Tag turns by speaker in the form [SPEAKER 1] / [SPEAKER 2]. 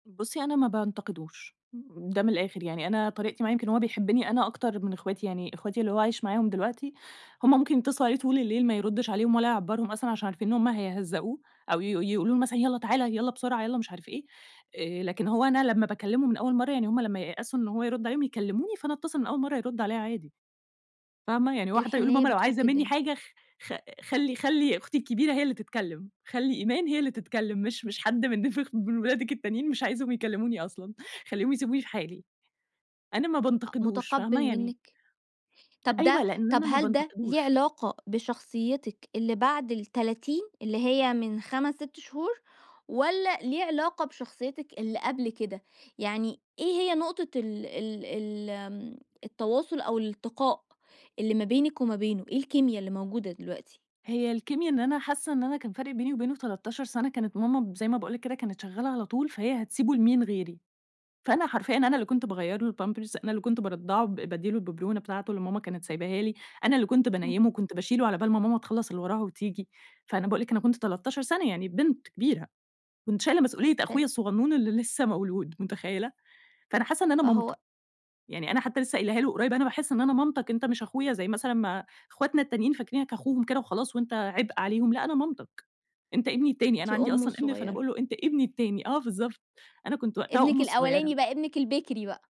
[SPEAKER 1] بصي، أنا ما بانتقدوش، ده من الآخر يعني أنا طريقتي معاه يمكن هو بيحبني أنا أكتر من اخواتي، يعني اخواتي اللي هو عايش معاهم دلوقتي، هم ممكن يتصلوا عليه طول الليل ما يردش عليهم ولا يعبّرهم أصلًا، عشان عارفين إن هم هيهزقوه أو ي ي يقولوا له مثلًا يالَّا تعالَ يالَّا بسرعة يالَّا مش عارف إيه، آآ، لكن هو أنا لمَّا باكلمه من أول مرة يعني هم لمَّا ييأسوا إن هو يرد عليهم، يكلموني فأنا اتصل من أول مرة يرد عليَّا عادي، فاهمة؟ يعني هو حتى بيقول
[SPEAKER 2] الحنيّة
[SPEAKER 1] لماما لو عايزة
[SPEAKER 2] بتفُك
[SPEAKER 1] مني
[SPEAKER 2] الدنيا.
[SPEAKER 1] حاجة خ خ خلي خلي أختي الكبيرة هي اللي تتكلم، خلي إيمان هي اللي تتكلم، مش مش حد من خ من ولادك التانيين مش عايزهم يكلموني أصلًا، خليهم يسيبوني في حالي. أنا ما
[SPEAKER 2] أ
[SPEAKER 1] بانتقدوش
[SPEAKER 2] متقبّل
[SPEAKER 1] فاهمة يعني
[SPEAKER 2] منِك، طب ده
[SPEAKER 1] أيوه، لإن
[SPEAKER 2] طب
[SPEAKER 1] أنا ما
[SPEAKER 2] هل ده ليه
[SPEAKER 1] بانتقدوش.
[SPEAKER 2] علاقة بشخصيتِك اللي بعد ال30، اللي هي من 5، 6 شهور، والَّا ليه علاقة بشخصيتِك اللي قبل كده، يعني إيه هي نقطة ال ال ال آمم التواصل أو الالتقاء، اللي ما بينِك وما بينه، إيه الكيميا اللي موجودة دلوقتي؟
[SPEAKER 1] هي الكيميا إن أنا حاسة إن أنا كان فارق بيني وبينه 13 سنة، كانت ماما زي ما باقول لِك كده كانت شغالة على طول، فهي هتسيبه لمين غيري، فأنا حرفيًا أنا اللي كنت باغيَّر له الpampers أنا اللي كنت بارضعه ب بادِّي له الببرونة بتاعته اللي ماما كانت سايباها لي، أنا اللي كنت
[SPEAKER 2] [unintelligible]
[SPEAKER 1] بانيمُه وكنت باشيله على بال ما ماما تخلّص اللي وراها وتيجي، فأنا باقول لِك أنا كنت 13 سنة يعني بنت كبيرة، كنت شايلة مسؤولية
[SPEAKER 2] فإن
[SPEAKER 1] أخويا الصغنون اللي لسه مولود، متخيلة، فأنا حاسّة إن أنا
[SPEAKER 2] فهو
[SPEAKER 1] مامته، يعني أنا حتى لسه قايلاها له قريب، أنا باحس إن أنا مامتك أنت مش أخويا زي مثلًا ما اخواتنا التانيين فاكرينك أخوهم كده وخلاص، وأنت عبء عليهم، لأ أنا مامتك، أنت ابني التاني،
[SPEAKER 2] أنتِ
[SPEAKER 1] أنا عندي
[SPEAKER 2] أمّه
[SPEAKER 1] أصلًا ابن، فأنا
[SPEAKER 2] الصغيرة.
[SPEAKER 1] باقول له أنت ابني التاني، آه بالضبط، أنا كنت وقتها
[SPEAKER 2] ابنِك
[SPEAKER 1] أمه
[SPEAKER 2] الأولاني
[SPEAKER 1] الصغيرة.
[SPEAKER 2] بقى، ابنِك البِكري بقى.